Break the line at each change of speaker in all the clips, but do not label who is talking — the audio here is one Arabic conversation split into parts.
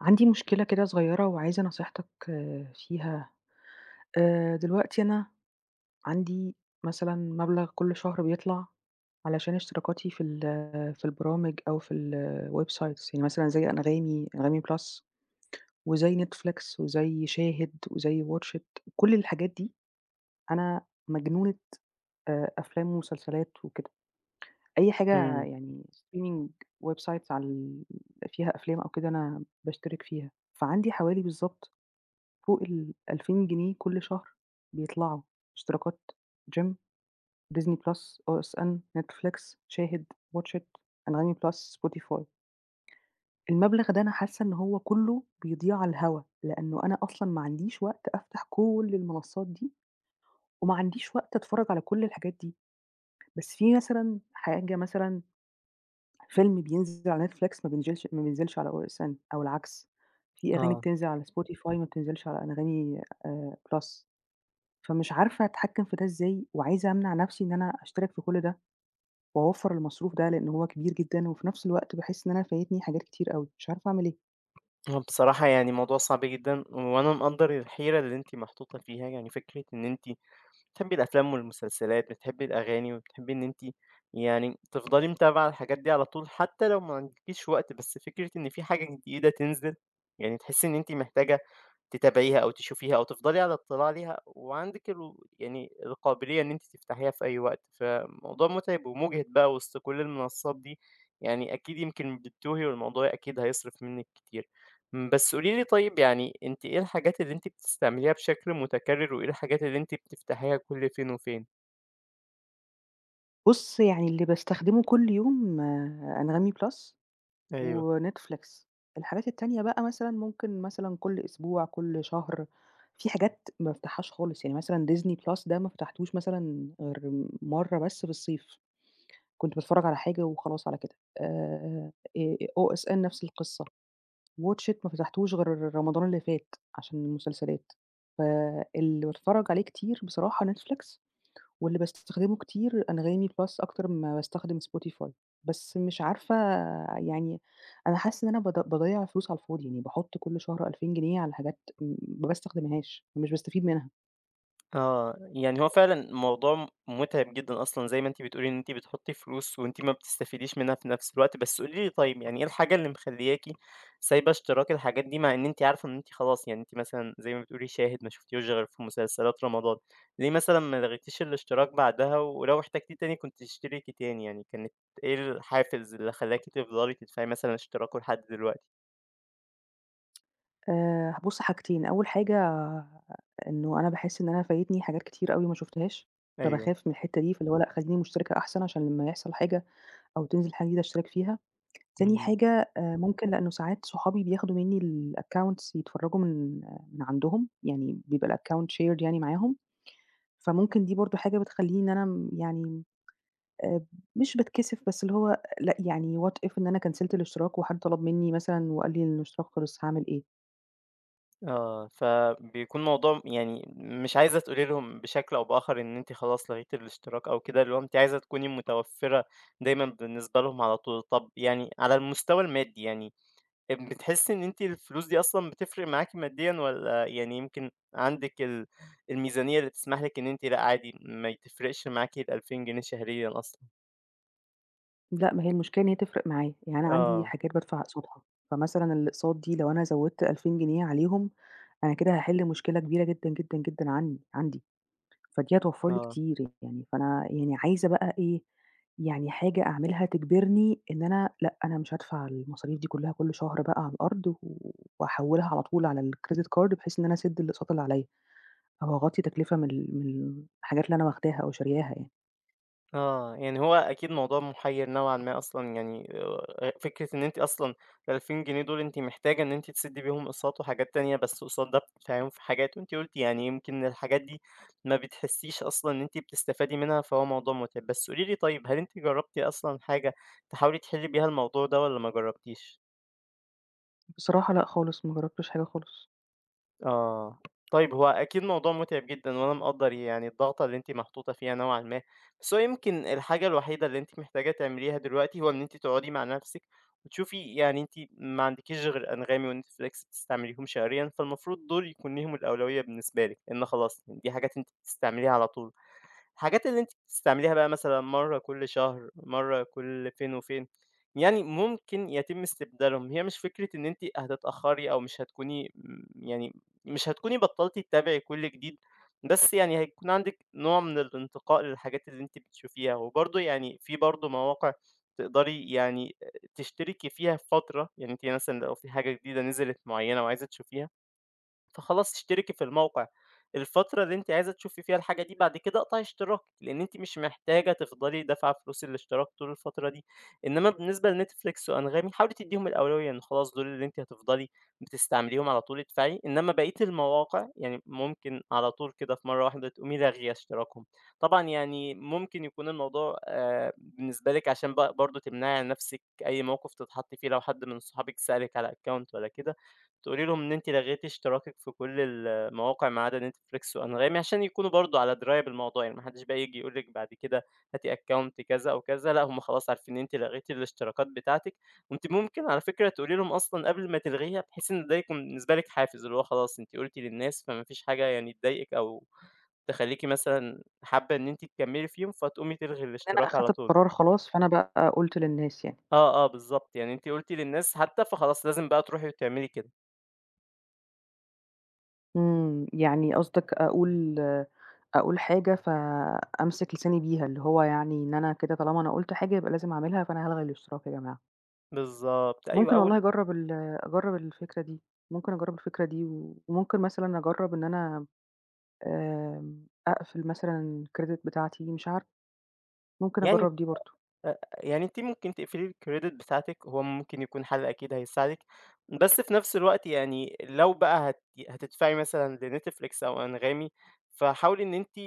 عندي مشكلة كده صغيّرة وعايزة نصيحتك فيها، آآ، دلوقتي أنا عندي مثلًا مبلغ كلّ شهر بيطلع، علشان اشتراكاتي في ال في البرامج أو في الwebsites يعني مثلًا زي أنغامي، أنغامي بلس، وزي Netflix وزي شاهد، وزي WATCH IT، كلّ الحاجات دي أنا مجنونة آآ أفلام ومسلسلات وكده، أي حاجة
إمم.
يعني streaming websites عال فيها أفلام أو كده أنا باشترك فيها، فعندي حوالي بالضبط فوق ال2000 جنيه كلّ شهر بيطلعوا، اشتراكات Gym، Disney Plus ،OSN ،Netflix، شاهد، WATCH IT، أنغامي بلس، Spotify. المبلغ ده أنا حاسّة إن هو كلّه بيضيع على الهوا، لأنه أنا أصلًا ما عنديش وقت أفتح كلّ المنصات دي، وما عنديش وقت أتفرّج على كلّ الحاجات دي. بس في مثلًا حاجة مثلًا، فيلم بينزل على Netflix ما بينزلش ما بينزلش على OSN أو العكس، في أغاني
آه.
بتنزل على Spotify ما بتنزلش على أنغامي آآ بلس، فمش عارفة أتحكّم في ده إزاي، وعايزة أمنع نفْسي إن أنا أشترك في كلّ ده، وأوَفَّر المصروف ده لإن هو كبير جدًا و في نفْس الوقت باحس إن أنا فايتني حاجات كتير أوي، مش عارفة أعمل إيه.
هو بصراحة يعني الموضوع صعب جدًا وأنا مقدر الحيرة اللي أنتِ محطوطة فيها يعني فكرة إن أنتِ بتحبي الأفلام والمسلسلات، بتحبي الأغاني وبتحبي إن أنتِ يعني تفضلي متابعة الحاجات دي على طول حتى لو ما عندكيش وقت، بس فكرة إن في حاجة جديدة تنزل يعني تحسي إن أنتِ محتاجة تتابعيها أو تشوفيها أو تفضلي على اطلاع عليها وعندِك ال يعني القابلية إن أنتِ تفتحيها في أي وقت، فموضوع مُتعب ومُجهد بقى وسط كُل المنصات دي يعني أكيد يمكن بتتوهي والموضوع أكيد هيصرف منِك كتير. بس قولي لي طيب يعني أنتِ إيه الحاجات اللي أنتِ بتستعمليها بشكل متكرر وإيه الحاجات اللي أنتِ بتفتحيها كُل فين وفين؟
بُص يعني اللي باستخدمه كل يوم Anghami Plus
أيوه.
وNetflix، الحاجات التانية بقى مثلًا ممكن مثلًا كل أسبوع، كل شهر، في حاجات ما بافتحهاش خالص، يعني مثلًا Disney Plus ده ما فتحتوش مثلًا غير مرّة بس في الصيف، كنت باتفرج على حاجة وخلاص على كده. آآ OSN نفس القصة، WATCH IT ما فتحتوش غير رمضان اللي فات عشان المسلسلات. ف اللي باتفرج عليه كتير بصراحة Netflix واللي باستخدمه كتير Anghami Plus أكتر مما باستخدم Spotify، بس مش عارفة يعني أنا حاسة إن أنا باض باضيّع فلوس على الفاضي يعني باحُط كل شهر 2000 جنيه على حاجات ما باستخدمهاش، مش باستفيد منها.
آه، يعني هو فعلًا الموضوع مُتعب جدًا أصلًا، زي ما أنتِ بتقولي إن أنتِ بتحطّي فلوس وأنتِ ما بتستفيديش منّها في نفْس الوقت، بس قولي لي طيب، يعني إيه الحاجة اللي مخلّياكِ سايبة اشتراك الحاجات دي مع إن أنتِ عارفة إن أنتِ خلاص يعني أنتِ مثلًا، زي ما بتقولي شاهد ما شفوفتيهوش غير في مسلسلات رمضان، ليه مثلًا ما لغيتيش الاشتراك بعدها ولو احتاجتيه تاني كنتِ تشتركي تاني، يعني كانت إيه الحافز اللي خلاكِ تفضلي تدفعي مثلًا اشتراكه لحد دلوقتي؟
آآ، بُصّ حاجتين، أول حاجة إنه أنا باحس إن أنا فايتني حاجات كتير أوي ما شُفتهاش،
أيوه.
فباخاف من الحتّة دي فاللي هو لأ خلّيني مشتركة أحسن عشان لمّا يحصل حاجة، أو تنزل حاجة جديدة اشترك فيها، تاني
إمم.
حاجة آآ ممكن لأنه ساعات صحابي بياخدوا مني الaccounts يتفرّجوا من من عندهم، يعني بيبقى الaccount shared يعني معاهم، فممكن دي برضه حاجة بتخلّيني إن أنا م يعني، آآ مش باتكسف بس اللي هو لأ يعني what if إن أنا كانسلت الإشتراك وحد طلب مني مثلًا وقال لي إن الإشتراك خلِص، هاعمل إيه؟
آه، فبيكون موضوع يعني مش عايزة تقولي لهم بشكل أو بآخر إن أنتِ خلاص لغيتِ الاشتراك أو كده، اللي هو أنتِ عايزة تكوني متوفّرة دايمًا بالنسبة لهم على طول، طب يعني على المستوى المادي يعني، أ بتحسّي إن أنتِ الفلوس دي أصلًا بتفرِق معاكِ ماديًا، والّا يعني يمكن عندِك ال الميزانية اللي تسمح لِك إن أنتِ لأ عادي ما تفرقش معاكِ ال2000 جنيه شهريًا أصلًا؟
لأ، ما هي المشكلة إن هي تفرِق معايا، يعني أنا عندي
آه.
حاجات بادفع أقساطها فمثلًا، الأقساط دي لو أنا زودت 2000 جنيه عليهم أنا كده هاحل مشكلة كبيرة جدًا، جدًا، جدًا عن عندّي فدّي هتوّفرّ لي
آه.
كتير يعني فأنا يعني عايزة بقى إيه، يعني حاجة أعملها تجبرني، إن أنا لأ، أنا مش هادفع المصاريف دي كلّها كل شهر بقى على الأرض و وهاحولها على طول على الcredit card بحيث إن أنا أسدّ الأقساط اللي عليِّ أهو أغطي تكلفة مل من الحاجات اللي أنا واخداها أو شارياها ي
آه، يعني هو أكيد موضوع مُحير نوعًا ما أصلًا يعني أ أ أ فكرة إن أنتِ أصلًا ال2000 جنيه دُول أنتِ محتاجة إن أنتِ تسدي بيهم أقساط وحاجات تانية، بس قُصاد ده بتدفعيهم، في حاجات. وأنتِ قلتِ يعني يمكن الحاجات دي ما بتحسيش أصلًا إن أنتِ بتستفادي منها فهو موضوع متعب. بس قولي لي طيب هل أنتِ جربتِ أصلًا حاجة تحاولي تحلي بيها الموضوع ده، والّا ما جربتيش؟
بصراحة لأ، خالص، ما جربتِش حاجة خالص.
آه، طيب هو أكيد موضوع مُتعِب جدًا وأنا مقدّر يعني، الضغطة اللي أنتِ محطوطة فيها نوعًا ما. بس هو يمكن الحاجة الوحيدة اللي أنتِ محتاجة تعمليها دلوقتي هو إن أنتِ تقعدي مع نفسِك وتشوفي يعني أنتِ ما عندكيش غير Anghami وNetFlix بتستعمليهم شهريًا فالمفروض دُول يكون ليهم الأولوية بالنسبة لِك، لإن خلاص دي حاجات أنتِ بتستعمليها على طول. الحاجات اللي أنتِ بتستعمليها بقى مثلًا مرّة كل شهر مرّة كل فين وفين يعني، مُمكن يتم استبدالهم. هي مش فكرة إن أنتِ هتتأخري أو مش هتكوني م يعني مش هتكوني بطلتِ تتابعي كل جديد، بس يعني هيكون عندِك نوع من الانتقاء للحاجات اللي أنتِ بتشوفيها وبرضه يعني، في برضه مواقع تقدري يعني أ تشتركي فيها فترة، يعني أنتِ مثلًا لو في حاجة جديدة نزلت مُعينة وعايزة تشوفيها. فخلاص اشتركي في الموقع، الفترة اللي أنتِ عايزة تشوفي فيها الحاجة دي بعد كده أقطعي اشتراكِك لأن أنتِ مش محتاجة تفضلي دافعة فلوس الاشتراك طول الفترة دي. إنمّا بالنسبة لNetFlix وAnghami حاولي تدّيهم الأولوية إن خلاص دُول اللي أنتِ هتفضلي بتستعمليهم على طول ادفعي، إنمّا بقية المواقع يعني، مُمكن على طول كده في مرّة واحدة تقومي لاغية اشتراكهم. طبعًا يعني مُمكن يكون الموضوع آآ بالنسبة لِك عشان ب برضه تمنعي عن نفسِك أي موقف تتحطي فيه، لو حدّ من اصحابِك سألِك على Account والّا كده تقولي لهم إن أنتِ لغيتِ اشتراكِك في كل المواقع ما عدا NetFlix وAnghami عشان يكونوا برضه على دراية بالموضوع يعني، ما حدش بقى ييجي يقول لِك بعد كده هاتي Account كذا أو كذا لأ، هُم خلاص عارفين إن أنتِ لغيتِ الاشتراكات بتاعتِك وأنتِ مُمكن على فكرة تقولي لهم أصلًا قبل ما تلغيها بحيث إن ده يكون بالنسبة لِك حافز، اللي هو خلاص، أنتِ قُلتِ للناس فما فيش حاجة يعني تضايقك، أو تخلّيكِ مثلًا حابة إن أنتِ تكملّي فيهم، فتقومي تلغي
لأن أنا
الاشتراك على
أخدت
طول.
القرار خلاص. فأنا بقى، قُلته للناس يعني.
آه، آه بالضبط يعني أنتِ قُلتِ للناس حتى، فخلاص لازم بقى تروحي، وتعملي كده.
إمم. يعني قصدك أقول أقول حاجة، فأمسك لساني بيها، اللي هو يعني إن أنا كده طالما أنا قُلت حاجة يبقى لازم أعملها، فأنا هالغي الاشتراك يا جماعة.
بالضبط، أيوه
ممكن والله
أول
أجرّب ال أجرّب الفكرة دي. ممكن أجرّب الفكرة دي وممكن مثلًا أجرّب إن أنا آآ أقفل مثلًا الcredit بتاعتي مش عارفة، ممكن
يعني
أجرّب دي برضه.
آآ، آآ، يعني أنتِ ممكن تقفلي الcredit بتاعتِك، هو ممكن يكون حَل أكيد هيساعدِك، بس في نفس الوقت يعني لو بقى هت ي هتدفعي مثلًا لNetflix أو أنغامي، فحاولي إن أنتِ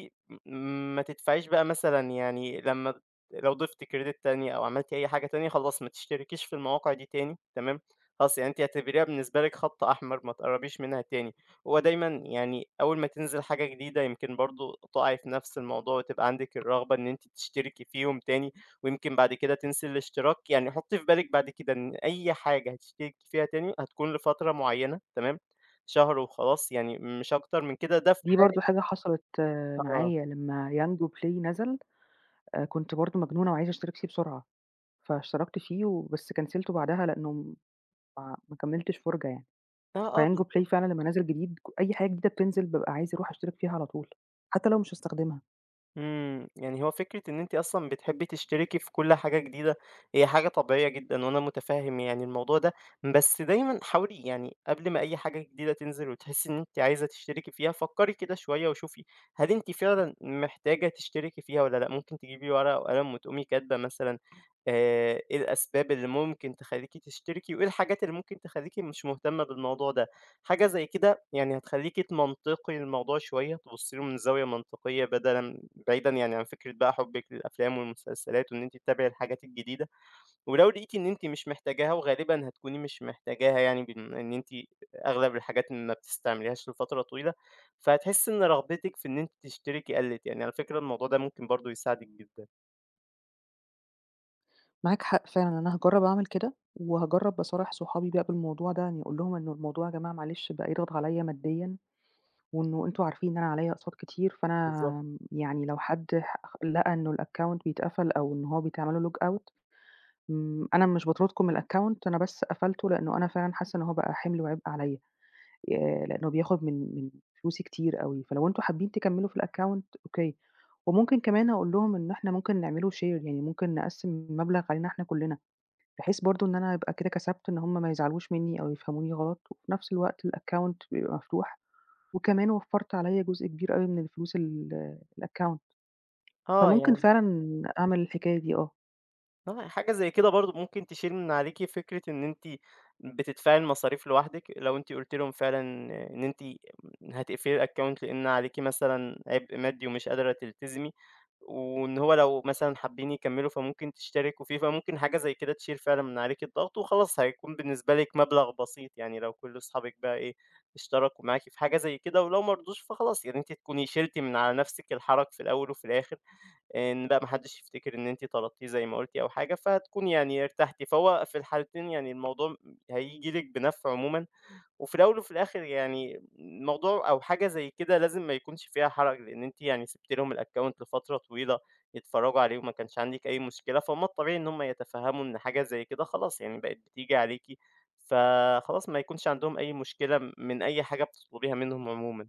م ما تدفعيش بقى مثلًا يعني لمّا ت لو ضِفتِ credit تانية أو عملتِ أي حاجة تانية، خلاص ما تشتركيش في المواقع دي تانية تمام؟ خلاص يعني أنت اعتبريها بالنسبة لك خط أحمر ما تقربيش منها تاني. هو دايمًا يعني أول ما تنزل حاجة جديدة يمكن برضه تُقعي في نفس الموضوع وتبقى عندِك الرغبة إن أنتِ تشتركي فيهم تاني ويمكن بعد كده تنسي الاشتراك، يعني حُطّي في بالِك بعد كده إن أي حاجة هتشتركي فيها تاني، هتكون لفترة معيّنة، تمام؟ شهر وخلاص يعني مش أكتر من كده، ده في
دي
حالة
برضه حاجة حصلِت
آه.
معايا لمّا Yango Play نزل، آآ كنت برضه مجنونة وعايزة أشترك فيه بسرعة. فاشتركت فيه وبس كنسلته بعدها لإنّه م ما كملتش فُرجة يعني.
آه، آه،
فYango
بالضبط.
Play فعلًا لمّا نزل جديد كُ أي حاجة جديدة بتنزل، بابقى عايزة أروح أشترك فيها على طول، حتّى لو مش هاستخدمها.
إمم، يعني هو فكرة إن أنتِ أصلًا بتحبي تشتركي في كُل حاجة جديدة هي حاجة طبيعية جدًا، وأنا متفهم يعني الموضوع ده، بس دايمًا حاولي يعني قبل ما أي حاجة جديدة تنزل وتحسي إن أنتِ عايزة تشتركي فيها فكّري كده شوية وشوفي هل أنتِ فعلًا محتاجة تشتركي فيها والّا لأ، ممكن تجيبي ورقة وقلم وتقومي كاتبة مثلًا آآ إيه الأسباب اللي ممكن تخلّيكِ تشتركي وإيه الحاجات اللي ممكن تخلّيكِ مش مهتمة بالموضوع ده. حاجة زي كده يعني هتخلّيكِ تمنطقي الموضوع شوية، تبُصي له من زاوية منطقية بدلًا بعيدًا يعني عن فكرة بقى حُبِك للأفلام والمسلسلات وإن أنتِ تتابعي الحاجات الجديدة، ولو لقيتِ إن أنتِ مش محتاجاها وغالبًا هتكوني مش محتاجاها يعني بما إن أنتِ أغلب الحاجات ما بتستعمليهاش لفترة طويلة، فهتحسي إن رغبتِك في إن أنتِ تشتركي قلِّت، يعني على فكرة الموضوع ده ممكن برضه يساعدِك جدًا.
معاك حق فعلًا أنا هاجرب أعمل كده وهاجرب أصارح صحابي بقى بالموضوع ده يعني أقول لهم إن الموضوع يا جماعة معلش بقى يضغط عليَّ ماديًا وإنه أنتم عارفين إن أنا عليَّ أقساط كتير،
بالضبط.
فأنا يعني لو حد ح خ لقى إنه الaccount بيتقفل أو إن هو بيتعمل له logout م أنا مش باطردكم من الaccount أنا بس قفلته لأنه أنا فعلًا حاسة إن هو بقى حمل وعبء عليَّ، آآ لأنه بياخد من من فلوسي كتير أوي، فلو أنتم حابين تكملوا في الaccount أوكي، وممكن كمان أقول لهم إن إحنا ممكن نعمله share يعني ممكن نقسِّم المبلغ علينا إحنا كلّنا، بحيث برضه إن أنا يبقى كده كسبت إن هُم ما يزعلوش منّي أو يفهموني غلط وفي نفس الوقت الaccount بيبقى مفتوح وكمان وفرت عليَّ جزء كبير أوي من الفلوس ال الaccount
آه
فممكن
يعني
فعلًا أعمل الحكاية دي آه.
آه، يعني حاجة زي كده برضه ممكن تشيل من عليكِ فكرة إن أنتِ بتدفَعي المصاريف لوحدِك، لو أنتِ قلتِ لهُم فعلًا إن أنتِ [unintelligible] هتقفِلي الaccount لأن عليكِ مثلًا عِبء مادّي ومش قادرة تلتزمي وإن هو لو مثلًا حابّين يكمّلوا فممكن تشتركوا فيه، فممكن حاجة زي كده تشيل فعلًا من عليكِ الضغط وخلاص، هيكون بالنسبة لِك مبلَغ بسيط يعني، لو كلّ أصحابك بقى إيه، اشتركوا معاكِ في حاجة زي كده ولو ما رضوش فخلاص، يعني أنتِ هتكوني شِلتِ من على نفسِك الحَرج في الأول وفي الآخر آآ، إن لأ، ما حدّش يفتكر إن أنتِ طلبتيه زي ما قلتِ أو حاجة، فهتكون يعني ارتحتِ فوق في الحالتين يعني الموضوع م هييجي لِك بنفْع عمومًا، وفي الأول وفي الآخِر يعني الموضوع أو حاجة زي كده لازم ما يكونش فيها حرَج لأن أنتِ يعني سِبتِ لهم الaccount لفترة طويلة يتفرّجوا عليه وما كانش عَندِك أي مشكلة، فهُم الطبيعي إن هُم يتفهّموا إن حاجة زي كده خلاص، يعني بقِت بتيجي عليكِ، فخلاص، ما يكونش عَندهم أي مشكلة م من أي حاجة بتطلبيها منهم عمومًا.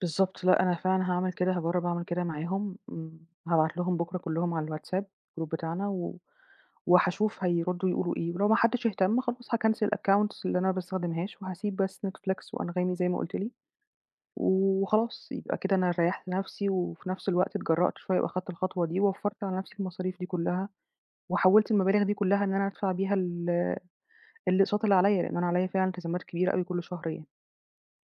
بالضبط، لأ أنا فعلًا هاعمل كده، هاجرّب اعمل كده معاهم، م هابعت لهم بُكرة كلّهم على الWhatsApp group بتاعنا و وهاشوف هيردّوا يقولوا إيه، ولو ما حدّش اهتم، خلاص هاكنسل الaccounts اللي أنا ما باستخدمهاش وهاسِيب بس Netflix وAnghami زي ما قُلت لي وخلاص، يبقى كده أنا ريّحت نفْسي وفي نفْس الوقت اتجرّأت شوية وأخدت الخطوة دي ووفّرت على نفْسي المصاريف دي كلّها وحوّلت المبالغ دي كلّها إن أنا أدفع بيها ال الأقساط اللي عليَّ، لأن أنا عليَّ فعلًا إلتزامات كبيرة أوي كلّ شهر يعني.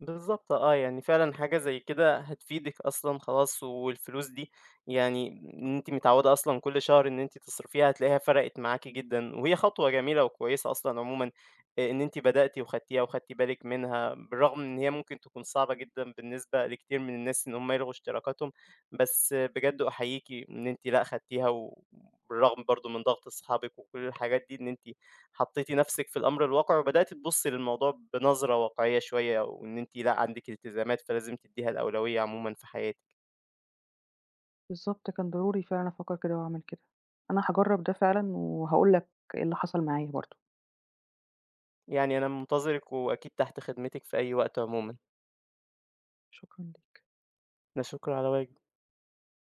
بالضبط آه، يعني فعلًا حاجة زي كده هتفيدِك أصلًا خلاص والفلوس دي يعني إن أنتِ متعوّدة أصلًا كلّ شهر إن أنتِ تصرفيها هتلاقيها فرَقِت معاكِ جدًا، وهي خطوة جميلة وكويسة أصلًا عمومًا إ إن أنتِ بدأتِ وخدتيها وخدتِ بالِك منها، بالرغم إن هي ممكن تكون صعبة جدًا بالنسبة لكتير من الناس إن هُم يلغوا إشتراكاتهم، بس بجد أحيّيكِ إن أنتِ لأ خدتيها و بالرغم برضه من ضغط أصحابك وكلّ الحاجات دي، إن أنتِ حطّيتِ نفْسِك في الأمر الواقع وبدأتِ تبُصّي للموضوع بنظرة واقعية شوية وإن أنتِ لأ، عندِك إلتزامات، فلازم تدّيها الأولوية عمومًا في حياتِك.
بالضبط، كان ضروري فعلًا أفكّر كده وأعمل كده. أنا هاجرّب ده فعلًا وهاقول لك إيه اللي حصَل معايا برضه.
يعني أنا منتظرِك وأكيد تحت خدمتِك في أي وقت عمومًا.
شكرًا ليك.
لا شُكر على واجب.